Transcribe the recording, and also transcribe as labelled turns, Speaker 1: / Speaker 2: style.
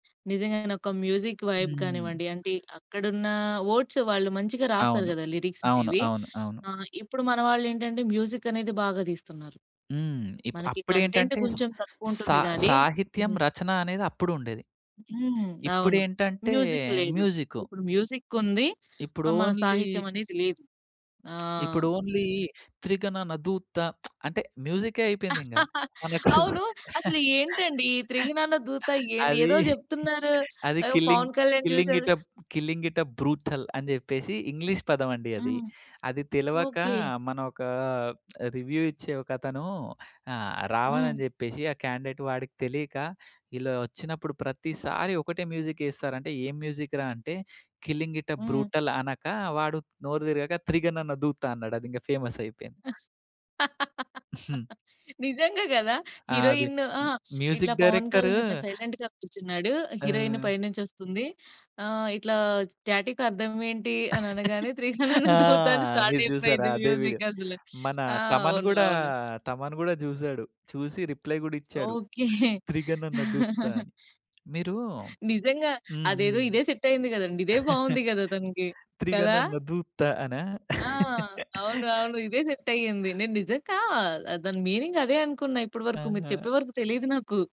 Speaker 1: నిజంగానె ఒక music vibe
Speaker 2: హ్మ్.
Speaker 1: గానివ్వండి, అంటే అక్కడున్న వర్డ్స్ వాళ్ళు మంచిగా రాస్తారు
Speaker 2: అవును.
Speaker 1: గదా! లిరిక్స్
Speaker 2: అవును.
Speaker 1: అనేవి.
Speaker 2: అవును. అవును.
Speaker 1: ఆహ్, ఇప్పుడు మన వాళ్ళేంటంటే మ్యూజికనేది బాగా దీస్తున్నారు.
Speaker 2: హ్మ్. ఇప్
Speaker 1: మనకి కంటెంట్
Speaker 2: అప్పుడేంటంటే స్
Speaker 1: కొంచెం తక్కువ
Speaker 2: సా
Speaker 1: ఉంటుంది గాని
Speaker 2: సాహిత్యం
Speaker 1: హ్మ్.
Speaker 2: రచన అనేది అప్పుడుండేది.
Speaker 1: హ్మ్. అవును.
Speaker 2: ఇప్పుడేంటంటే
Speaker 1: మ్యూజిక్ లేదు.
Speaker 2: మ్యూజికు.
Speaker 1: ఇప్పుడు మ్యూజిక్ ఉంది.
Speaker 2: ఇప్పుడు
Speaker 1: మన
Speaker 2: ఓన్లీ
Speaker 1: సాహిత్యమనేది లేదు. ఆ!
Speaker 2: ఇప్పుడు ఓన్లీ 'త్రిగణన దూత,' అంటే మ్యూజికె అయిపోయింది ఇంగ. మనకు
Speaker 1: అవును. అసలేంటండి ఈ త్రిగణన దూత ఏండి,
Speaker 2: అది
Speaker 1: ఏదో జెప్తున్నారు
Speaker 2: అది
Speaker 1: ఆహ్,
Speaker 2: కిల్లింగ్,
Speaker 1: పవన్ కళ్యాణ్
Speaker 2: కిల్లింగ్
Speaker 1: జూసారు.
Speaker 2: It up, killing it up brutal అని జెప్పేశి ఇంగ్లీష్ పదం అండి అది.
Speaker 1: హ్మ్.
Speaker 2: అది తెలవక
Speaker 1: ఓకే.
Speaker 2: మన ఒక రివ్యూ ఇచ్చే ఒక అతను ఆహ్, రావాలని
Speaker 1: హ్మ్.
Speaker 2: జెప్పేశి ఆ క్యాండిడేట్ వాడికి తెలీక, "ఇలా ఒచ్చినప్పుడు ప్రతిసారి ఒకటే మ్యూజికేస్తారంటే," ఏ మ్యూజిక్‌రా అంటే, కిల్లింగ్ ఇట్ అప్
Speaker 1: హ్మ్.
Speaker 2: బ్రూటల్ అనక, వాడు నోరు తిరగక "త్రిగణన దూతా" అన్నాడు. అది ఇంగా ఫేమసయిపోయింది. హ్మ్.
Speaker 1: నిజంగా గదా!
Speaker 2: ఆది
Speaker 1: హీరోయిన్ ఆ! ఇట్లా
Speaker 2: మ్యూజిక్
Speaker 1: పవన్
Speaker 2: డైరెక్టరు
Speaker 1: కళ్యాణ్ అట్లా సైలెంట్‌గా కూర్చున్నాడు. హీరోయిన్
Speaker 2: ఆ!
Speaker 1: పైనుంచి ఒస్తుంది. ఆహ్, ఇట్లా స్టాటిక్ అర్థం ఏంటి అని అనగానే 'త్రిగణన
Speaker 2: ఆ!
Speaker 1: దూత' అని స్టార్ట్
Speaker 2: మీరు జూసారా
Speaker 1: అయిపోయింది
Speaker 2: అదే వీడియో.
Speaker 1: మ్యూజిక్ అసలు.
Speaker 2: మన
Speaker 1: ఆ!
Speaker 2: తమన్
Speaker 1: అవును.
Speaker 2: గూడా,
Speaker 1: అవును.
Speaker 2: తమన్ గూడా జూసాడు. చూసి రిప్లై గూడా ఇచ్చాడు.
Speaker 1: ఓకే.
Speaker 2: 'త్రిగణన దూత' అని. మీరు
Speaker 1: నిజంగా
Speaker 2: హ్మ్.
Speaker 1: అదేదో
Speaker 2: హ్మ్.
Speaker 1: ఇదే సెట్ అయింది గదండి. ఇదే బావుంది గదా తనికి. కదా?
Speaker 2: త్రిగణన దూత అన?
Speaker 1: ఆ! అవును, అవును. ఇదే సెట్ అయింది. నేను నిజంగా ఆహ్, దాని మీనింగ్ అదే అనుకున్న ఇప్పడి వరకు, మీరు
Speaker 2: ఆహా!
Speaker 1: చెప్పే వరకు తెలీదు నాకు.